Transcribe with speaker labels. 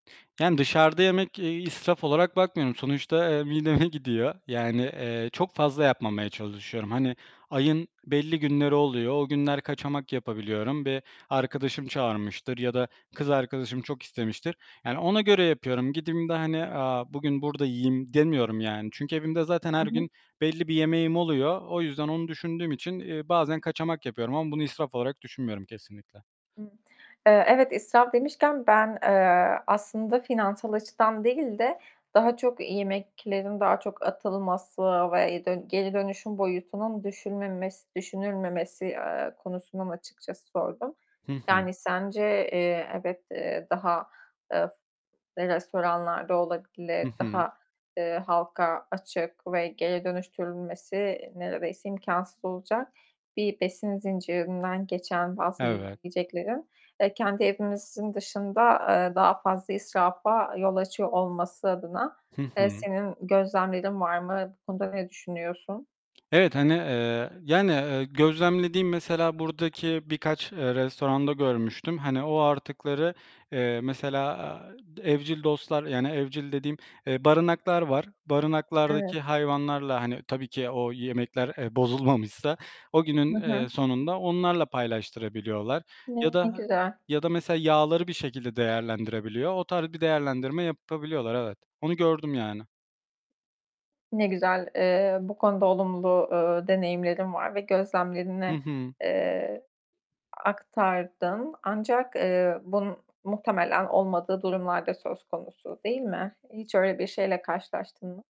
Speaker 1: Yani, dışarıda yemek, iii, israf olarak bakmıyorum. Sonuçta, eee, mideme gidiyor. Yani, eee, çok fazla yapmamaya çalışıyorum. Hani, ayın belli günleri oluyor. O günler kaçamak yapabiliyorum. Bir arkadaşım çağırmıştır ya da kız arkadaşım çok istemiştir, yani ona göre yapıyorum. Gittiğimde, hani, aaa, bugün burada yiyeyim demiyorum yani. Çünkü evimde zaten
Speaker 2: Hı
Speaker 1: her
Speaker 2: hı.
Speaker 1: gün belli bir yemeğim oluyor. O yüzden onu düşündüğüm için, eee, bazen kaçamak yapıyorum ama bunu israf olarak düşünmüyorum kesinlikle.
Speaker 2: Hıı. Eee, evet israf demişken ben, eee, aslında finansal açıdan değil de, daha çok yemeklerin daha çok atılması ve y geri dönüşüm boyutunun düşünmemes düşünülmemesi, eee, konusunu açıkçası sordum.
Speaker 1: Hı hı.
Speaker 2: Yani, sence, eee, evet, eee, daha, eee, f restoranlarda
Speaker 1: Hı
Speaker 2: olabilir,
Speaker 1: hı.
Speaker 2: daha, eee, halka açık ve geri dönüştürülmesi neredeyse imkânsız olacak bir besin zincirinden geçen bazı
Speaker 1: Evet.
Speaker 2: yiyeceklerin, eee, kendi evimizin dışında, eee, daha fazla israfa yol açıyor olması adına,
Speaker 1: Hı
Speaker 2: eee,
Speaker 1: hı.
Speaker 2: senin gözlemlerin var mı? Bu konuda ne düşünüyorsun?
Speaker 1: Evet. Hani, eee, yani, eee, gözlemlediğim mesela buradaki birkaç, eee, restoranda görmüştüm. Hani, o artıkları, eee, mesela evcil dostlar yani, evcil dediğim, eee, barınaklar var. Barınaklardaki
Speaker 2: Evet.
Speaker 1: hayvanlarla, hani, tabii ki o yemekler, eee, bozulmamışsa o günün,
Speaker 2: Hı
Speaker 1: eee,
Speaker 2: hı.
Speaker 1: sonunda onlarla paylaştırabiliyorlar ya
Speaker 2: Ne
Speaker 1: da h
Speaker 2: güzel.
Speaker 1: ya da mesela yağları bir şekilde değerlendirebiliyor. O tarz bir değerlendirme yapabiliyorlar, evet. Onu gördüm yani.
Speaker 2: Ne güzel. Eee, bu konuda olumlu, eee, deneyimlerin var ve
Speaker 1: Hı
Speaker 2: gözlemlerini,
Speaker 1: hı.
Speaker 2: eee, aktardın. Ancak, eee, bunun muhtemelen olmadığı durumlar da söz konusu değil mi? Hiç öyle bir şeyle karşılaştın mı?